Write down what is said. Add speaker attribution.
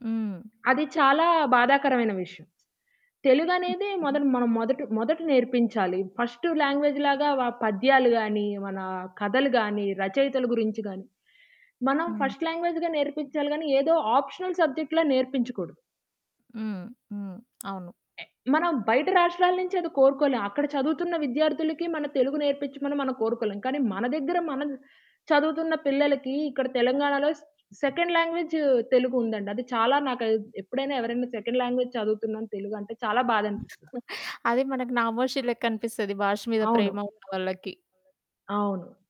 Speaker 1: హ్మ్.
Speaker 2: అది చాలా బాధాకరమైన విషయం. తెలుగనేది మొదట
Speaker 1: హ్మ్.
Speaker 2: మనం మొదట మొదట నేర్పించాలి. ఫస్ట్ లాంగ్వేజ్ లాగా వ పద్యాలు గాని, మన కథలు గాని, రచయితల గురించి గాని, మనం
Speaker 1: హ్మ్.
Speaker 2: ఫస్ట్ లాంగ్వేజ్‌గా నేర్పించాలి గాని, ఏదో ఆప్షనల్ సబ్జెక్ట్‌ల నేర్పించకూడదు.
Speaker 1: హ్మ్. హ్మ్. అవును.
Speaker 2: టే మనం బయట రాష్ట్రాల నుంచి అది కోరుకోలేం. అక్కడ చదువుతున్న విద్యార్థులకి మన తెలుగు నేర్పించమని మనం కోరుకోలేం. కానీ మన దగ్గర మనం చదువుతున్న పిల్లలకి ఇక్కడ తెలంగాణలో సే సెకండ్ లాంగ్వేజ్ తెలుగు ఉందండి. అది చాలా నాకది ఎప్పుడైనా ఎవరైనా సెకండ్ లాంగ్వేజ్ చదువుతున్నాను తెలుగు అంటే చాలా బాధనిపిస్తది.
Speaker 1: అది మనకు నామోషి లెక్కనిపిస్తది భాష మీద
Speaker 2: అవును.
Speaker 1: ప్రేమ ఉన్న వాళ్ళకి.
Speaker 2: అవును.